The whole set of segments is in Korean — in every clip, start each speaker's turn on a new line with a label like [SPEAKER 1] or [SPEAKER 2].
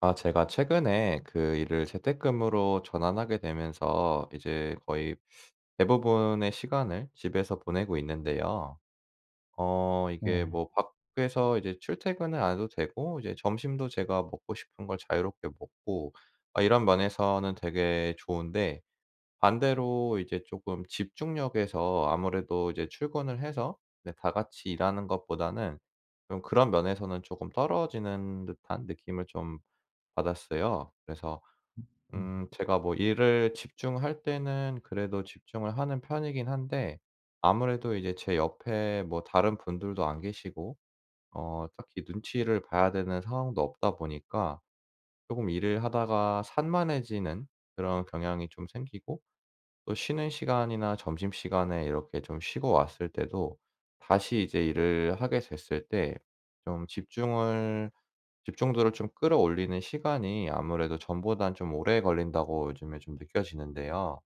[SPEAKER 1] 아 제가 최근에 그 일을 재택근무로 전환하게 되면서 이제 거의 대부분의 시간을 집에서 보내고 있는데요. 어 이게
[SPEAKER 2] 네.
[SPEAKER 1] 뭐 밖에서 이제 출퇴근을 안 해도 되고 이제 점심도 제가 먹고 싶은 걸 자유롭게 먹고 아 이런 면에서는 되게 좋은데 반대로 이제 조금 집중력에서 아무래도 이제 출근을 해서 네 다 같이 일하는 것보다는 좀 그런 면에서는 조금 떨어지는 듯한 느낌을 좀 받았어요. 그래서
[SPEAKER 2] 음. 음.
[SPEAKER 1] 음 제가 뭐 일을 집중할 때는 그래도 집중을 하는 편이긴 한데 아무래도 이제 제 옆에 뭐 다른 분들도 안 계시고 어 딱히 눈치를 봐야 되는 상황도 없다 보니까 조금 일을 하다가 산만해지는 그런 경향이 좀 생기고 또 쉬는 시간이나 점심시간에 이렇게 좀 쉬고 왔을 때도 다시 이제 '일을 하게 됐을 때 좀 집중을 집중도를 좀 끌어올리는 시간이 아무래도 전보단 좀 오래 걸린다'고 요즘에 좀 느껴지는데요.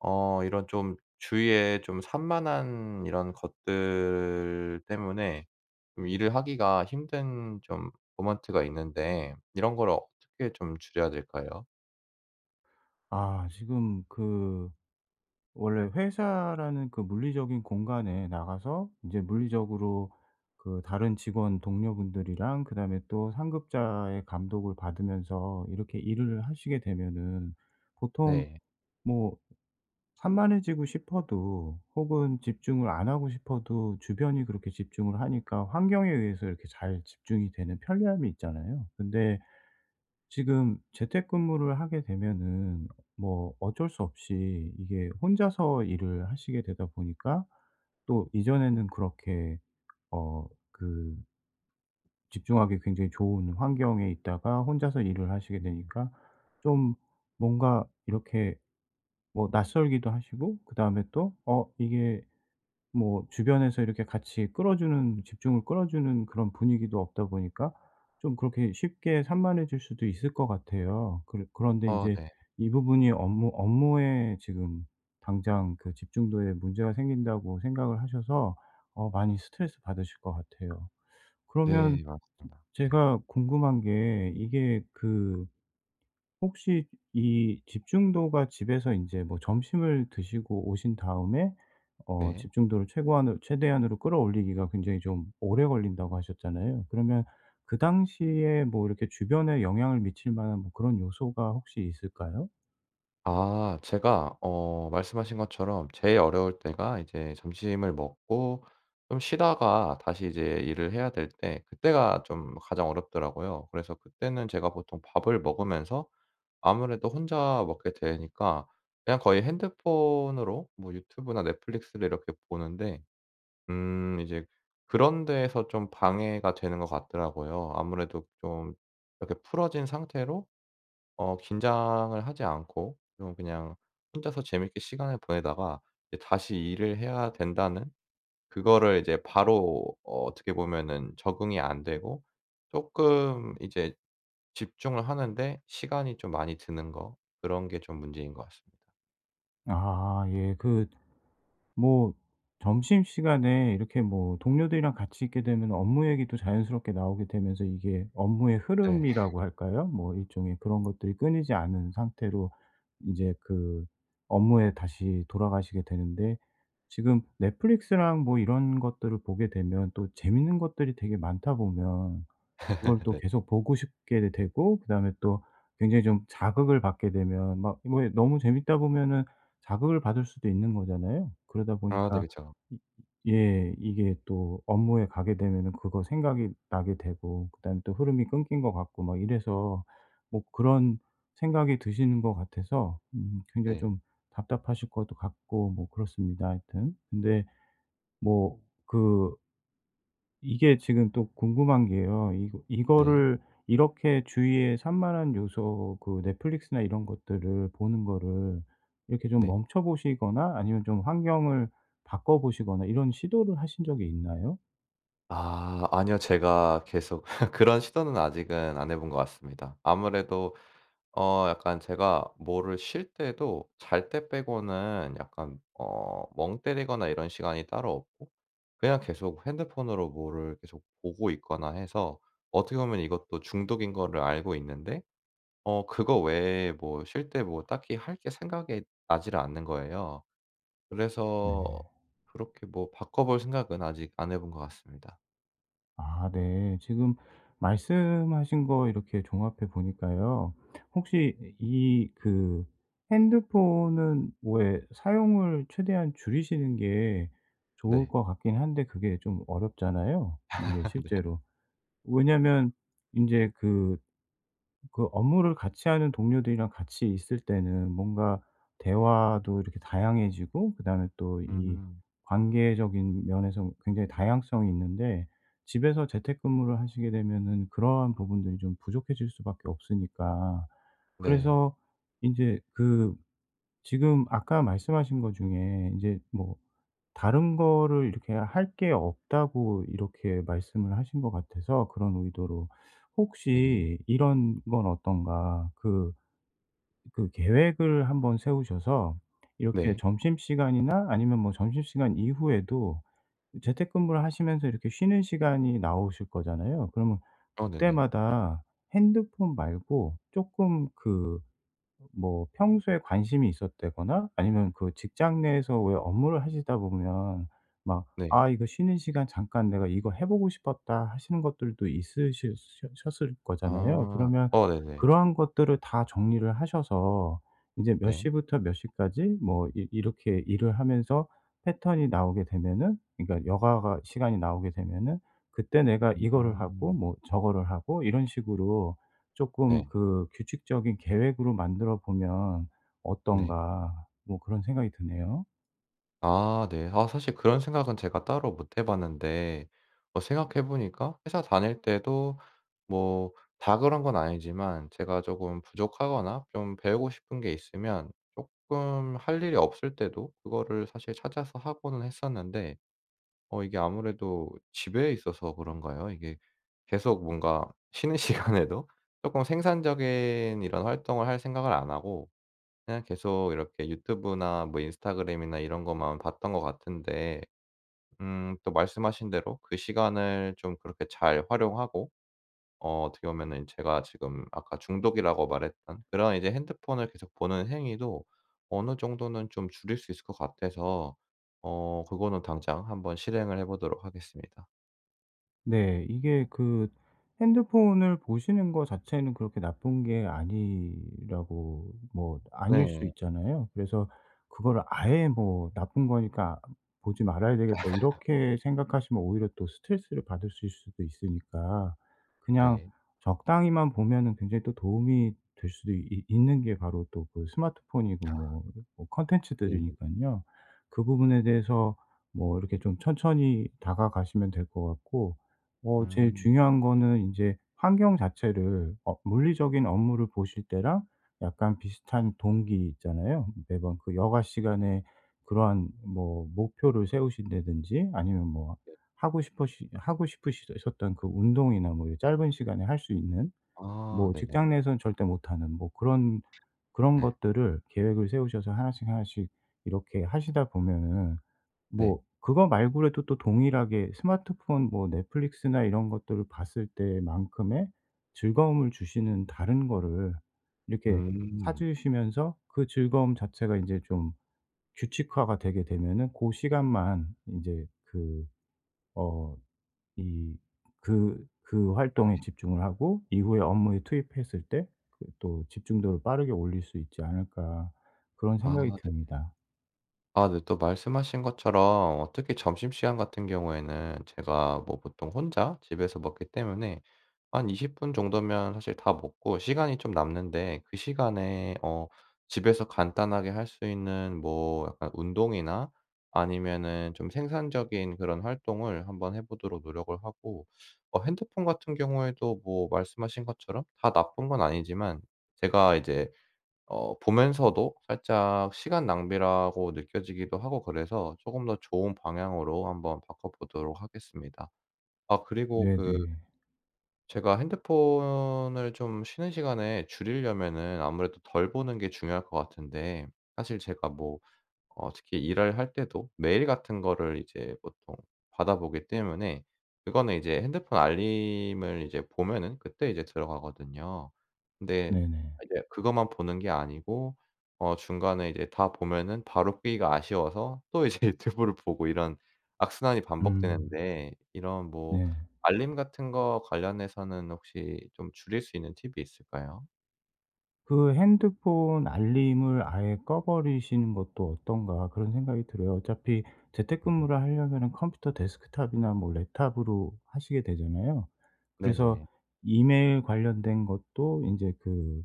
[SPEAKER 1] 어 이런 좀 주위에 좀 산만한 이런 것들 때문에 좀 일을 하기가 힘든 좀 모먼트가 있는데 이런 거를 어떻게 좀 줄여야 될까요?
[SPEAKER 2] 아. 지금 그 원래 회사라는 그 물리적인 공간에 나가서 인제 물리적으로 그 다른 직원 동료분들이랑 그다음에 또 상급자의 감독을 받으면서 이렇게 일을 하시게 되면은 보통
[SPEAKER 1] 네.
[SPEAKER 2] 뭐 산만해지고 싶어도 혹은 집중을 안 하고 싶어도 주변이 그렇게 집중을 하니까 환경에 의해서 이렇게 잘 집중이 되는 편리함이 있잖아요. 근데 지금 재택근무를 하게 되면은 뭐 어쩔 수 없이 이게 혼자서 일을 하시게 되다 보니까 또 이전에는 그렇게 어 그 집중하기 굉장히 좋은 환경에 있다가 혼자서 일을 하시게
[SPEAKER 1] 음.
[SPEAKER 2] 되니까 좀 뭔가 이렇게 뭐 낯설기도 하시고 그다음에 또 어 이게 뭐 주변에서 이렇게 같이 끌어주는 집중을 끌어주는 그런 분위기도 없다 보니까 좀 그렇게 쉽게 산만해질 수도 있을 것 같아요. 그래 그런데
[SPEAKER 1] 어
[SPEAKER 2] 인제
[SPEAKER 1] 네.
[SPEAKER 2] 이 부분이 업무 업무에 지금 당장 그 집중도에 문제가 생긴다고 생각을 하셔서 어 많이 스트레스받으실 것 같아요. 그러면
[SPEAKER 1] 네. 맞습니다. 네.
[SPEAKER 2] 제가 궁금한 게 이게 그 혹시 이 집중도가 집에서 인제 뭐 점심을 드시고 오신 다음에 어
[SPEAKER 1] 네.
[SPEAKER 2] 집중도를 최고한으 최대한으로 끌어올리기가 굉장히 좀 오래 걸린다고 하셨잖아요. 그러면 그 당시에 뭐 이렇게 주변에 영향을 미칠 만한 뭐 그런 요소가 혹시 있을까요?
[SPEAKER 1] 아. 제가 어 말씀하신 것처럼 제일 어려울 때가 이제 점심을 먹고 좀 쉬다가 다시 이제 일을 해야 될 때 그때가 좀 가장 어렵더라고요. 그래서 그때는 제가 보통 밥을 먹으면서 아무래도 혼자 먹게 되니까 그냥 거의 핸드폰으로 뭐 유튜브나 넷플릭스를 이렇게 보는데 음. 이제 그런 데에서 좀 방해가 되는 것 같더라고요. 아무래도 좀 이렇게 풀어진 상태로 어 긴장을 하지 않고 좀 그냥 혼자서 재미있게 시간을 보내다가 이제 '다시 일을 해야 된다.'는 그거를 이제 바로 어 어떻게 보면은 적응이 안 되고 쪼금 이제 집중을 하는 데 시간이 좀 많이 드는 거 그런 게 좀 문제인 것 같습니다.
[SPEAKER 2] 아 예. 그 뭐 점심시간에 이렇게 뭐 동료들이랑 같이 있게 되면은 업무 얘기도 자연스럽게 나오게 되면서 이게 업무의
[SPEAKER 1] 네.
[SPEAKER 2] 흐름이라고 할까요. 뭐 일종의 그런 것들이 끊이지 않은 상태로 이제 그 업무에 다시 돌아가시게 되는데 지금 넷플릭스랑 뭐 이런 것들을 보게 되면 또 재미있는 것들이 되게 많다 보면 그걸 또
[SPEAKER 1] 네.
[SPEAKER 2] 계속 보고 싶게도 되고 그다음에 또 굉장히 좀 자극을 받게 되면 막 그 뭐 에 너무 재미있다 보면은 자극을 받을 수도 있는 거잖아요. 그러다
[SPEAKER 1] 아 네
[SPEAKER 2] 보니까
[SPEAKER 1] 그쵸.
[SPEAKER 2] 음 으 예. 이게 또 업무에 가게 되면은 그거 생각이 나게 되고 그다음에 또 흐름이 끊긴 것 같고 막 이래서 뭐 그런 생각이 드시는 것 같아서 음 굉장히
[SPEAKER 1] 네.
[SPEAKER 2] 좀 답답하실 것도 같고 뭐 그렇습니다 하여튼. 근데 뭐 그 이게 지금 또 궁금한 게요. 이거
[SPEAKER 1] 네.
[SPEAKER 2] 이거를 이렇게 주위에 산만한 요소 그 넷플릭스나 이런 것들을 보는 거를 이렇게 좀
[SPEAKER 1] 네.
[SPEAKER 2] 멈춰 보시거나 아니면 좀 환경을 바꿔 보시거나 이런 시도를 하신 적이 있나요?
[SPEAKER 1] 아. 아니요. 제가 계속 그런 시도는 아직은 안 해 본 것 같습니다. 아무래도 어 약간 제가 뭐를 쉴 때도 잘 때 빼고는 약간 어 멍 때리거나 이런 시간이 따로 없고 그냥 계속 핸드폰으로 뭐를 계속 보고 있거나 해서 어떻게 보면 이것도 중독인 거를 알고 있는데 어 그거 외에 뭐 쉴 때 뭐 딱히 할 게 생각이 나지를 않는 거예요.
[SPEAKER 2] 네.
[SPEAKER 1] 그래서 그렇게 뭐 바꿔 볼 생각은 아직 안 해 본 것 같습니다.
[SPEAKER 2] 아 네. 지금 말씀하신 거 이렇게 종합해 보니까요. 혹시 이 그 핸드폰은 왜 사용을 최대한 줄이시는 게 좋을
[SPEAKER 1] 네.
[SPEAKER 2] 것 같긴 한데 그게 좀 어렵잖아요, 이게
[SPEAKER 1] 네.
[SPEAKER 2] 실제로. 왜냐하면 인제 그 그 업무를 같이하는 동료들이랑 같이 있을 때는 뭔가 대화도 이렇게 다양해지고 그다음에 또 이
[SPEAKER 1] 음.
[SPEAKER 2] 관계적인 면에서 굉장히 다양성이 있는데 집에서 재택근무를 하시게 되면은 그러한 부분들이 좀 부족해질 수밖에 없으니까.
[SPEAKER 1] 네.
[SPEAKER 2] 그래서 인제 그 지금 아까 말씀하신 것 중에 인제 뭐 다른 거를 이렇게 할 게 없다고 이렇게 말씀을 하신 것 같아서 그런 의도로
[SPEAKER 1] 네.
[SPEAKER 2] 혹시 이런 건 어떤가. 그 그 계획을 1 번 세우셔서 이렇게
[SPEAKER 1] 네.
[SPEAKER 2] 점심시간이나 아니면 뭐 점심시간 이후에도 재택근무를 하시면서 이렇게 쉬는 시간이 나오실 거잖아요. 그러면
[SPEAKER 1] 어 네네.
[SPEAKER 2] 그때마다 핸드폰 말고 쪼끔 그 뭐 평소에 관심이 있었다거나 아니면 그 직장 내에서 왜 업무를 하시다 보면 막
[SPEAKER 1] 네.
[SPEAKER 2] '아 이거 쉬는 시간 잠깐 내가 이거 해 보고 싶었다' 하시는 것들도 있으실 셔 셨을 거잖아요.
[SPEAKER 1] 아.
[SPEAKER 2] 그러면
[SPEAKER 1] 어 네네.
[SPEAKER 2] 그러한 것들을 다 정리를 하셔서 이제 몇
[SPEAKER 1] 네.
[SPEAKER 2] 시부터 몇 시까지 뭐 이 이렇게 일을 하면서 패턴이 나오게 되면은 그러니까 여가가 시간이 나오게 되면은 그때 내가 이거를 하고
[SPEAKER 1] 음.
[SPEAKER 2] 뭐 저거를 하고 이런 식으로 조금
[SPEAKER 1] 네.
[SPEAKER 2] 그 '규칙적인 계획으로 만들어 보면
[SPEAKER 1] 네.
[SPEAKER 2] 어떤가?' 뭐 그런 생각이 드네요.
[SPEAKER 1] 아 네. 아 사실 그런 생각은 제가 따로 못 해 봤는데 어 생각해 보니까 회사 다닐 때도 뭐 다 그런 건 아니지만 제가 조금 부족하거나 좀 배우고 싶은 게 있으면 쪼끔 할 일이 없을 때도 그거를 사실 찾아서 하고는 했었는데, 어 이게 아무래도 집에 있어서 그런가요? 이게 계속 뭔가 쉬는 시간에도 쪼금 생산적인 이런 활동을 할 생각을 안 하고 그냥 계속 이렇게 유튜브나 뭐 인스타그램이나 이런 것만 봤던 것 같은데 음. 또 말씀하신 대로 그 시간을 좀 그렇게 잘 활용하고 어 어떻게 보면은 제가 지금 아까 중독이라고 말했던 그런 이제 핸드폰을 계속 보는 행위도 어느 정도는 좀 줄일 수 있을 것 같아서 어. 그거는 당장 한번 실행을 해 보도록 하겠습니다.
[SPEAKER 2] 네. 이게 그 핸드폰을 보시는 거 자체는 그렇게 나쁜 게 아니라고 뭐 아닐 수
[SPEAKER 1] 네.
[SPEAKER 2] 있잖아요. 그래서 그거를 아예 뭐 '나쁜 거니까 보지 말아야 되겠다.' 이렇게 생각하시면 오히려 또 스트레스를 받으실 수도 있으니까, 그냥
[SPEAKER 1] 네.
[SPEAKER 2] 적당히만 보면은 굉장히 또 도움이 될 수도 있 있는 게 바로 또 그 스마트폰이고
[SPEAKER 1] 아.
[SPEAKER 2] 뭐 뭐
[SPEAKER 1] 네네.
[SPEAKER 2] 콘텐츠들이니깐요. 그 부분에 대해서 뭐 이렇게 좀 천천히 다가가시면 될 것 같고. 어 제일
[SPEAKER 1] 음.
[SPEAKER 2] 중요한 거는 이제 환경 자체를 어 물리적인 업무를 보실 때랑 약간 비슷한 동기 있잖아요. '매번 그 여가 시간에 그러한 뭐 목표를 세우신다든지, 아니면 뭐
[SPEAKER 1] 네.
[SPEAKER 2] 하고 싶으시 하고 싶으시 셨던 그 운동이나 뭐 이 짧은 시간에 할 수 있는
[SPEAKER 1] 아
[SPEAKER 2] 뭐
[SPEAKER 1] 네네.
[SPEAKER 2] 직장 내에서는 절대 못하는 뭐 그런 그런
[SPEAKER 1] 아.
[SPEAKER 2] 것들을 계획을 세우셔서 하나씩 하나씩 이렇게 하시다 보면은 뭐
[SPEAKER 1] 네.
[SPEAKER 2] 그거 말고라도 또 동일하게 스마트폰 뭐 넷플릭스나 이런 것들을 봤을 때만큼의 즐거움을 주시는 다른 거를 이렇게
[SPEAKER 1] 음.
[SPEAKER 2] 찾으시면서, 그 즐거움 자체가 인제 좀 규칙화가 되게 되면은 고 시간만 인제 그 어, 이 그 그 활동에 집중을 하고 이후에 업무에 투입했을 때 그 또 집중도를 빠르게 올릴 수 있지 않을까.' 그런
[SPEAKER 1] 아
[SPEAKER 2] 생각이
[SPEAKER 1] 네네.
[SPEAKER 2] 듭니다.
[SPEAKER 1] 아 네 또 말씀하신 것처럼 어 특히 점심시간 같은 경우에는 제가 뭐 보통 혼자 집에서 먹기 때문에 한 20 분 정도면 사실 다 먹고 시간이 좀 남는데, 그 시간에 어 집에서 간단하게 할 수 있는 뭐 약간 운동이나, 아니면은 좀 생산적인 그런 활동을 한번 해 보도록 노력을 하고 어 핸드폰 같은 경우에도 뭐 말씀하신 것처럼 다 나쁜 건 아니지만 제가 이제 어 보면서도 살짝 시간 낭비라고 느껴지기도 하고 그래서 조금 더 좋은 방향으로 한 번 바꿔 보도록 하겠습니다. 아 그리고 그
[SPEAKER 2] 네네.
[SPEAKER 1] 제가 핸드폰을 좀 쉬는 시간에 줄이려면은 아무래도 덜 보는 게 중요할 것 같은데, 사실 제가 뭐 어 특히 일을 할 때도 메일 같은 거를 이제 보통 받아보기 때문에 그거는 이제 핸드폰 알림을 이제 보면은 그때 이제 들어가거든요. 근데
[SPEAKER 2] 네네.
[SPEAKER 1] 이제 그것만 보는 게 아니고 어 중간에 이제 다 보면은 바로 끄기가 아쉬워서 또 이제 유튜브를 보고 이런 악순환이
[SPEAKER 2] 음.
[SPEAKER 1] 반복되는데, 이런 뭐
[SPEAKER 2] 네.
[SPEAKER 1] 알림 같은 거 관련해서는 혹시 좀 줄일 수 있는 팁이 있을까요?
[SPEAKER 2] 그 '핸드폰 알림을 아예 꺼버리시는 것도 어떤가?' 그런 생각이 들어요. 어차피 재택근무를 하려면은 컴퓨터 데스크탑이나 뭐 랩탑으로 하시게 되잖아요. 그래서
[SPEAKER 1] 네네.
[SPEAKER 2] 이메일 관련된 것도 인제 그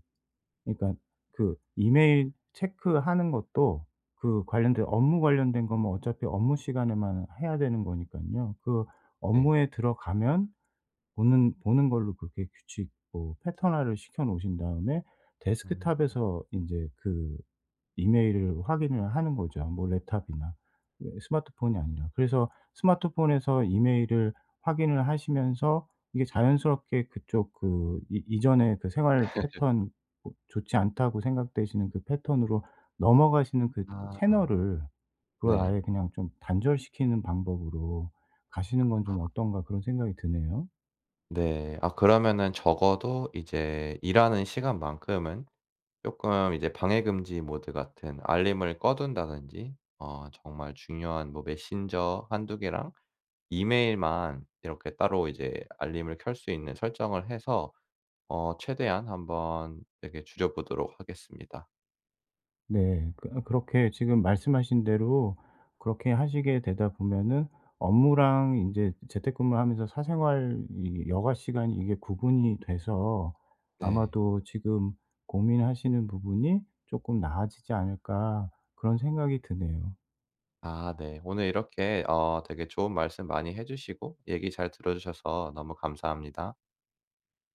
[SPEAKER 2] 그러니까 그 이메일 체크하는 것도 그 관련된 업무 관련된 거면 어차피 업무 시간에만 해야 되는 거니깐요. 그
[SPEAKER 1] 네.
[SPEAKER 2] 업무에 들어가면 보는 보는 걸로 그렇게 규칙 뭐 패턴화를 시켜 놓으신 다음에
[SPEAKER 1] 음.
[SPEAKER 2] 데스크탑에서 인제 그 이메일을 확인을 하는 거죠 뭐 랩탑이나 이 스마트폰이 아니라. 그래서 스마트폰에서 이메일을 확인을 하시면서 이게 '자연스럽게 그쪽 그 이 이전의 그 생활 패턴 뭐 좋지 않다고 생각되시는 그 패턴으로 넘어가시는 그
[SPEAKER 1] 아.
[SPEAKER 2] 채널을 그걸
[SPEAKER 1] 네.
[SPEAKER 2] 아예 그냥 좀 단절시키는 방법으로 가시는 건
[SPEAKER 1] 아.
[SPEAKER 2] 좀 어떤가?' 그런 생각이 드네요.
[SPEAKER 1] 네. 아 그러면은 적어도 이제 일하는 시간만큼은 쪼끔 이제 방해금지 모드 같은 알림을 꺼 둔다든지 어 정말 중요한 뭐 메신저 1-2 개랑 이메일만 이렇게 따로 이제 알림을 켤 수 있는 설정을 해서 어 최대한 한번 이렇게 줄여보도록 하겠습니다.
[SPEAKER 2] 네. 그 어 그렇게 지금 말씀하신 대로 그렇게 하시게 되다 보면은 업무랑 인제 재택근무를 하면서 사생활 이 여가 시간이 이게 구분이 돼서
[SPEAKER 1] 네.
[SPEAKER 2] '아마도 지금 고민하시는 부분이 쪼끔 나아지지 않을까?'그런 생각이 드네요.
[SPEAKER 1] 아. 네. 오늘 이렇게 어 되게 좋은 말씀 많이 해 주시고 얘기 잘 들어주셔서 너무 감사합니다.